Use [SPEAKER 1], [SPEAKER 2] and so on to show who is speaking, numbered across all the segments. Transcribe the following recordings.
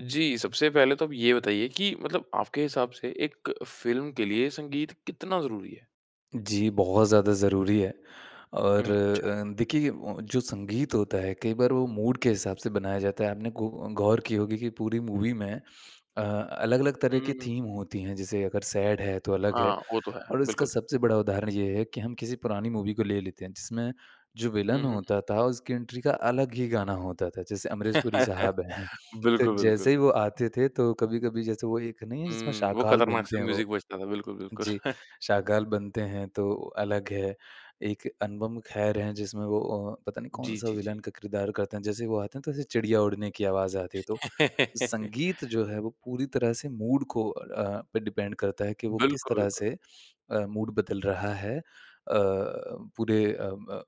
[SPEAKER 1] जी, सबसे पहले तो आप ये बताइए कि मतलब आपके हिसाब से एक फ़िल्म के लिए संगीत कितना ज़रूरी है?
[SPEAKER 2] जी, बहुत ज़्यादा ज़रूरी है, और
[SPEAKER 1] हुँ, अच्छा।
[SPEAKER 2] अ, देखिए, ओं ओं जो संगीत होता है, कई बार वो मूड के हिसाब से बनाया जाता है। आपने गौ गौर की होगी कि पूरी मूवी में अ, अलग-अलग तरह
[SPEAKER 1] हुँ, हुँ,
[SPEAKER 2] की
[SPEAKER 1] हुँ।
[SPEAKER 2] थीम होती हैं। जैसे अगर सैड है, तो अलग है
[SPEAKER 1] हाँ, वो तो है,
[SPEAKER 2] और इसका
[SPEAKER 1] बिल्कुल।
[SPEAKER 2] सबसे बड़ा उदाहरण ये है कि हम किसी पुरानी मूवी को ले लेते हैं, जिसमें जो
[SPEAKER 1] हुँ,
[SPEAKER 2] विलेन
[SPEAKER 1] हुँ, हुँ।
[SPEAKER 2] होता था, उसकी एंट्री का अलग ही गाना होता था। जैसे अमरीश पुरी साहब हैं, तो
[SPEAKER 1] बिल्कुल, बिल्कुल।
[SPEAKER 2] जैसे ही वो आते थे, तो कभी-कभी जैसे वो एक नहीं है, जिसमें
[SPEAKER 1] हुँ, वो
[SPEAKER 2] शाकाल बनते
[SPEAKER 1] खतरनाक-सा
[SPEAKER 2] हैं वो?
[SPEAKER 1] म्यूज़िक बजता था, बिल्कुल, बिल्कुल।
[SPEAKER 2] जी, शाकाल बनते हैं, तो अलग है। एक अनुपम खेर हैं, जिसमें वो अ, पता नहीं
[SPEAKER 1] जी,
[SPEAKER 2] कौन-सा
[SPEAKER 1] जी, जी।
[SPEAKER 2] विलेन का किरदार करते हैं। जैसे ही वो आते हैं, तो चिड़िया उड़ने की आवाज़ आती है, तो संगीत जो है, वो पूरी तरह से मूड को अ, पे डिपेंड करता है कि वो किस
[SPEAKER 1] बिल्कुल,
[SPEAKER 2] तरह
[SPEAKER 1] बिल्कुल।
[SPEAKER 2] से अ, मूड बदल रहा है। अ अ अ, पूरे अ, म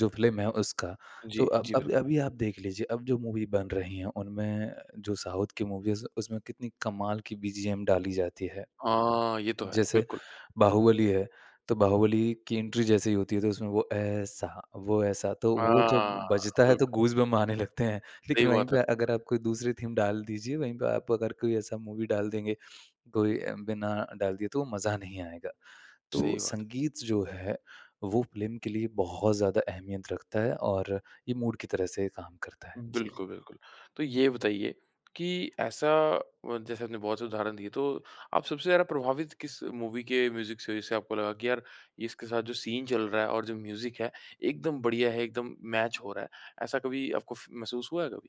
[SPEAKER 2] जो फ़िल्म है, उसका। तो
[SPEAKER 1] जी,
[SPEAKER 2] अब
[SPEAKER 1] जी, बिल
[SPEAKER 2] अब अभी आप देख लीजिए, अब जो मूवी बन रही हैं, उनमें जो साउथ की मूवीज़, उसमें कितनी कमाल की बीजीएम डाली जाती है।
[SPEAKER 1] हाँ, ये तो है।
[SPEAKER 2] जैसे
[SPEAKER 1] बिल्कुल।
[SPEAKER 2] बाहुबली है, तो बाहुबली की एंट्री जैसे ही होती है, तो उसमें वो ऐसा, वो ऐसा तो वो जब
[SPEAKER 1] हाँ,
[SPEAKER 2] बजता है,
[SPEAKER 1] बिल्कुल।
[SPEAKER 2] तो गूज़बम्प आने लगते हैं। लेकिन
[SPEAKER 1] सही
[SPEAKER 2] वहीं
[SPEAKER 1] बात है।
[SPEAKER 2] पे अगर आप कोई दूसरी थीम डाल दीजिए, वहीं पे आप अगर कोई ऐसा मूवी डाल देंगे, कोई अ, बिना डाल दिए, तो मज़ा नहीं आएगा। तो
[SPEAKER 1] सही बात है।
[SPEAKER 2] संगीत जो है, वो फ़िल्म के लिए बहुत ज़्यादा अहमियत रखता है और ये मूड की तरह से काम करता है। जी।
[SPEAKER 1] बिल्कुल, बिल्कुल। तो ये बताइए कि ऐसा व जैसे आपने बहुत से उदाहरण दिए, तो आप सबसे ज़्यादा प्रभावित किस मूवी के म्यूज़िक से हुए, जिससे आपको लगा कि, "यार, इसके साथ जो सीन चल रहा है और जो म्यूज़िक है, एकदम बढ़िया है, एकदम मैच हो रहा है।" ऐसा कभी आपको फ़ महसूस हुआ है कभी?